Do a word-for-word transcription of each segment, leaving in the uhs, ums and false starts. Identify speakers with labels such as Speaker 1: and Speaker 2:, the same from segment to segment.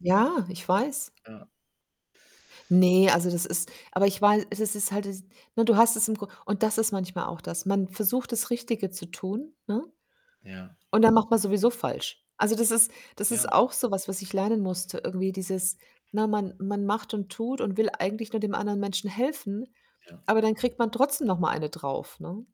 Speaker 1: Ja, ich weiß.
Speaker 2: Ja.
Speaker 1: Ne, also das ist aber ich war e es es ist halt es ne, du hast es im Grund und das ist manchmal auch das. Man versucht, das Richtige zu tun, ne?
Speaker 2: Ja.
Speaker 1: Und dann macht man sowieso falsch. Also, das ist das ist
Speaker 2: Ja.
Speaker 1: auch so was, was ich lernen musste irgendwie, dieses ne, man man macht und tut und will eigentlich nur dem anderen Menschen helfen,
Speaker 2: Ja.
Speaker 1: aber dann kriegt man trotzdem noch mal eine drauf, ne?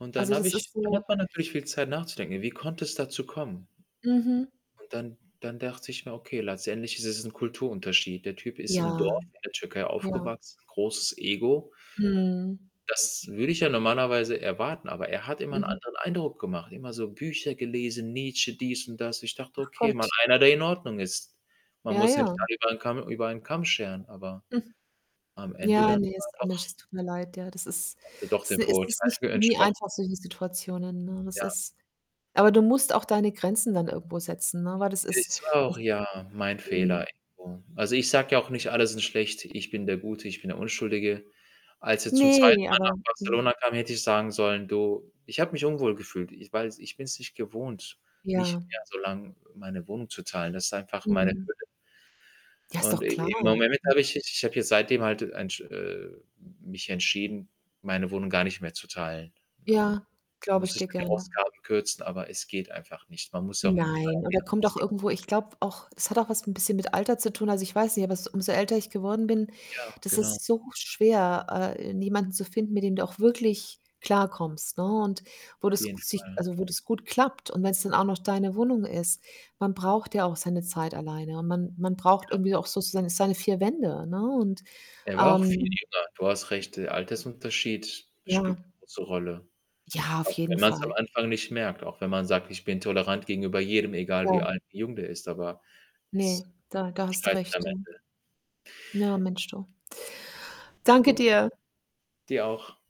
Speaker 2: Und dann
Speaker 1: Also,
Speaker 2: habe
Speaker 1: das ist
Speaker 2: ich dann
Speaker 1: so
Speaker 2: hat man natürlich viel Zeit nachzudenken: „Ja, wie konnte es dazu kommen?“
Speaker 1: Mhm.
Speaker 2: Und dann dann dachte ich nur: „Okay, letztendlich ist es 'n Kulturunterschied. Der Typ ist im
Speaker 1: Ja,
Speaker 2: Dorf, in der Türkei
Speaker 1: ja.
Speaker 2: aufgewachsen, großes Ego.“
Speaker 1: Mhm.
Speaker 2: Das würde ich ja normalerweise erwarten, aber er hat immer 'n
Speaker 1: Mhm.
Speaker 2: anderen Eindruck gemacht. Immer so Bücher gelesen, Nietzsche, dies und das. Ich dachte:
Speaker 1: Ach
Speaker 2: „Okay, mal
Speaker 1: Gott.
Speaker 2: einer, der in Ordnung ist.“ Man
Speaker 1: Ja,
Speaker 2: muss ja nicht
Speaker 1: ja.
Speaker 2: alle über 'n Kamm über einen Kamm scheren. Aber,
Speaker 1: Hm.
Speaker 2: am Ende
Speaker 1: Ja,
Speaker 2: dann
Speaker 1: ne,
Speaker 2: war er
Speaker 1: ist auch
Speaker 2: doch
Speaker 1: Mensch, das tut mir leid, ja. Das ist
Speaker 2: hat er doch
Speaker 1: s
Speaker 2: den
Speaker 1: es ist nicht
Speaker 2: Vorurteilen
Speaker 1: nie
Speaker 2: entsprochen.
Speaker 1: einfach, solche Situationen, ne? Das
Speaker 2: Ja.
Speaker 1: ist aber du musst auch deine Grenzen dann irgendwo setzen, ne? Weil das ist
Speaker 2: Ist auch
Speaker 1: [unintelligible]
Speaker 2: ja, mein
Speaker 1: Mhm.
Speaker 2: Fehler irgendwo. Also, ich sage ja auch nicht: „Alle sind schlecht. Ich bin der Gute, ich bin der Unschuldige.“ Als er zum zweiten
Speaker 1: Ne,
Speaker 2: Mal nach
Speaker 1: aber Mhm.
Speaker 2: Barcelona kam, hätte ich sagen sollen: „Du, ich habe mich unwohl gefühlt, i weil ich bin's nicht gewohnt
Speaker 1: Ja.
Speaker 2: nicht mehr so lang meine Wohnung zu teilen. Das ist einfach meine
Speaker 1: Mhm.
Speaker 2: Höhle.“
Speaker 1: Ja, ist
Speaker 2: Und
Speaker 1: doch
Speaker 2: i
Speaker 1: klar,
Speaker 2: im Moment
Speaker 1: hm.
Speaker 2: habe ich ich habe ja seitdem halt, äh, ein sch äh, mich entschieden, meine Wohnung gar nicht mehr zu teilen, ne? Und
Speaker 1: Ja, glaube
Speaker 2: muss
Speaker 1: ich
Speaker 2: ich
Speaker 1: dir
Speaker 2: dann die
Speaker 1: gerne.
Speaker 2: Ausgaben kürzen, aber es geht einfach nicht. Man muss ja auch irgendwie
Speaker 1: Nein,
Speaker 2: seine
Speaker 1: und da
Speaker 2: Lehren
Speaker 1: kommt auch
Speaker 2: ziehen.
Speaker 1: irgendwo ich glaube auch, es hat auch was 'n bisschen mit Alter zu tun. Also, ich weiß nicht, aber s umso älter ich geworden bin
Speaker 2: Ja,
Speaker 1: das
Speaker 2: genau.
Speaker 1: ist so schwer, äh, jemanden zu finden, mit dem du auch wirklich klarkommst, ne? Und wo
Speaker 2: Auf
Speaker 1: das
Speaker 2: jeden
Speaker 1: sich
Speaker 2: Fall.
Speaker 1: also, wo das gut klappt und wenn's dann auch noch deine Wohnung ist. Man braucht ja auch seine Zeit alleine, und man man braucht
Speaker 2: Ja.
Speaker 1: irgendwie auch sozusagen seine vier Wände, ne? Und,
Speaker 2: Er war auch viel
Speaker 1: ähm
Speaker 2: jünger. Du hast recht. Der Altersunterschied, spielt
Speaker 1: Ja.
Speaker 2: 'ne große Rolle.
Speaker 1: Ja, auf
Speaker 2: Auch wenn
Speaker 1: jeden
Speaker 2: man's am
Speaker 1: Fall.
Speaker 2: Anfang nicht merkt, auch wenn man sagt: „Ich bin tolerant gegenüber jedem, egal wie
Speaker 1: Ja.
Speaker 2: alt, wie jung der ist.“ Aber,
Speaker 1: Ne,
Speaker 2: es
Speaker 1: da da hast du
Speaker 2: scheitert am
Speaker 1: recht, ja.
Speaker 2: Ende.
Speaker 1: Na, Mensch, du. Danke
Speaker 2: [unintelligible]
Speaker 1: dir.
Speaker 2: Dir auch.